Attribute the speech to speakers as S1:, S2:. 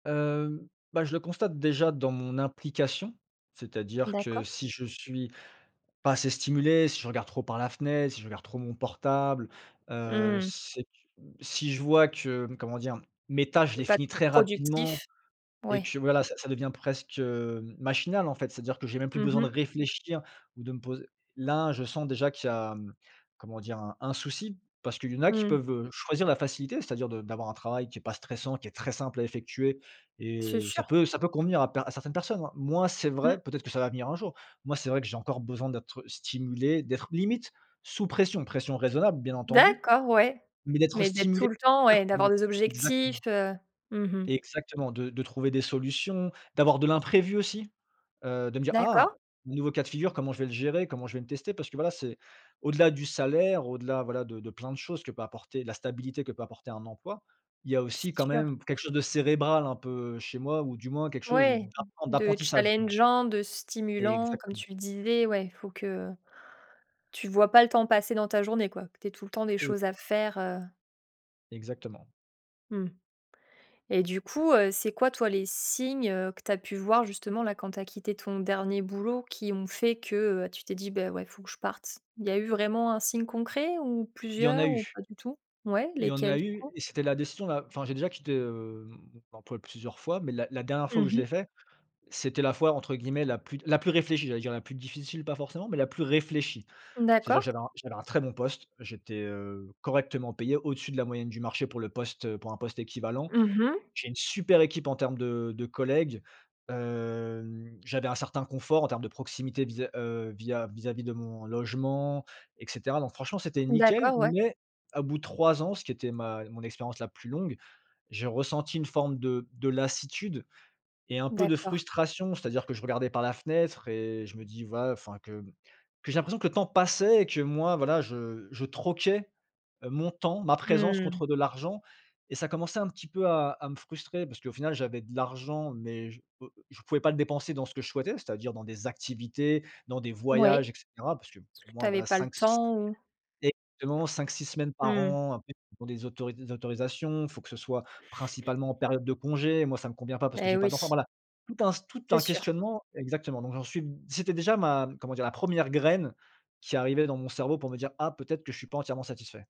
S1: Hem, bah, je le constate déjà dans mon implication, c'est-à-dire que
S2: D'accord.
S1: si je suis pas assez stimulé, si je regarde trop par la fenêtre, si je regarde trop mon portable, heu,
S2: Mmh.
S1: c'est, mmh, si je vois que, comment dire? Mes tâches, je
S2: Tu es
S1: les
S2: pas
S1: finis
S2: trop
S1: très rapidement
S2: productif.
S1: et
S2: Ouais.
S1: que voilà, ça ça devient presque, hem, machinal, en fait, c'est-à-dire que j'ai même plus
S2: Mmh
S1: besoin de
S2: mh.
S1: réfléchir ou de me poser là, je sens déjà qu'il y a, comment dire? Un un souci parce qu'il y en a qui
S2: Mmh.
S1: peuvent, heu, choisir la facilité, c'est-à-dire de d'avoir un travail qui est pas stressant, qui est très simple à effectuer et
S2: C'est
S1: ça
S2: sûr.
S1: peut ça peut convenir à per à certaines personnes. Moi, c'est
S2: Mmh.
S1: vrai, peut-être que ça va venir un jour. Moi, c'est vrai que j'ai encore besoin d'être stimulé, d'être limite sous pression, pression raisonnable, bien entendu,
S2: D'accord, ouais,
S1: mais d'être
S2: mais d'être
S1: stimulé
S2: tout le temps ouais et d'avoir
S1: [unintelligible]
S2: des objectifs,
S1: exactement
S2: heu, mmh mh.
S1: exactement de de trouver des solutions, d'avoir de l'imprévu aussi, heu, de me dire: «Ah,
S2: D'accord.
S1: nouveau cas de figure, comment je vais le gérer? Comment je vais le tester?» parce que voilà, c'est au-delà du salaire, au-delà, voilà, de de plein de choses que peut apporter la stabilité que peut apporter un emploi, il y a aussi, quand
S2: C'est sûr.
S1: même, quelque chose de cérébral un peu chez moi ou du moins, quelque chose
S2: Ouais,
S1: d'apren
S2: de
S1: d'apprentissage, justement.
S2: challengeant, de stimulant, comme
S1: Exactement.
S2: tu le disais. Ouais, faut que tu vois pas le temps passer dans ta journée, quoi, que tu aies tout le temps des choses
S1: Exactement.
S2: à faire, heu
S1: Exactement.
S2: mmh et du coup, heu, c'est quoi toi, les signes, heu, que tu as pu voir justement, là, quand tu as quitté ton dernier boulot qui ont fait que heu, tu t'es dit: «Beh, ouais, faut que je parte?» il y a eu vraiment un signe concret? Ou
S1: Il y en a
S2: plusieurs? Ou
S1: eu
S2: pas du tout? Ouais,
S1: il y en
S2: lesquels
S1: a
S2: du
S1: eu
S2: coup?
S1: et c'était la décision la enfin, j'ai déjà quitté, hem, mon emploi, plusieurs fois, mais la la dernière fois
S2: Mmh
S1: où je
S2: mh.
S1: l'ai fait, c'était la fois, entre guillemets, la plus «la plus réfléchie», j'allais dire: «la plus difficile» pas forcément, mais la plus réfléchie. C'est-à-dire que
S2: D'accord.
S1: j'avais un j'avais un très bon poste, j'étais, heu, correctement payé, au-dessus de la moyenne du marché pour le poste, heu, pour un poste équivalent.
S2: Mmh mh.
S1: J'ai une super équipe en termes de de collègues, hem, j'avais un certain confort en termes de proximité vis, heu, via vis-a-vis de mon logement, et cetera. Donc franchement, c'était nickel,
S2: D'accord, ouais.
S1: mais à bout de 3 ans, ce qui était ma mon expérience la plus longue, j'ai ressenti une forme de de lassitude et un peu de
S2: D'accord.
S1: frustration. C'est-à-dire que je regardais par la fenêtre et je me dis: «Va» enfin, que que j'ai l'impression que le temps passait et que moi voilà, je je troquais, heu, mon temps, ma présence
S2: Mmh.
S1: contre de l'argent et ça commençait un petit peu à à me frustrer parce qu'au final, j'avais de l'argent mais je je pouvais pas le dépenser dans ce que je souhaitais, c'est-à-dire, dans des activités, dans des
S2: Oui,
S1: voyages et
S2: parce
S1: cetera, parce que pour
S2: que tu
S1: moi,
S2: avais
S1: voilà,
S2: pas le
S1: 5 si
S2: temps? Ou
S1: exactement, 5-6 semaines par
S2: Mmh.
S1: an, après il faut des auto des autorisations, il faut que ce soit principalement en période de congé, moi, ça me convient pas parce que
S2: Beh,
S1: j'ai
S2: oui.
S1: pas d'enfant, voila, tout un tout
S2: C'est
S1: un
S2: sûr.
S1: questionnement exactement. Donc j'en suis, c'était déjà ma comment dire, la 1re graine qui arrivait dans mon cerveau pour me dire: «Ah, peut-être que je suis pas entièrement satisfait».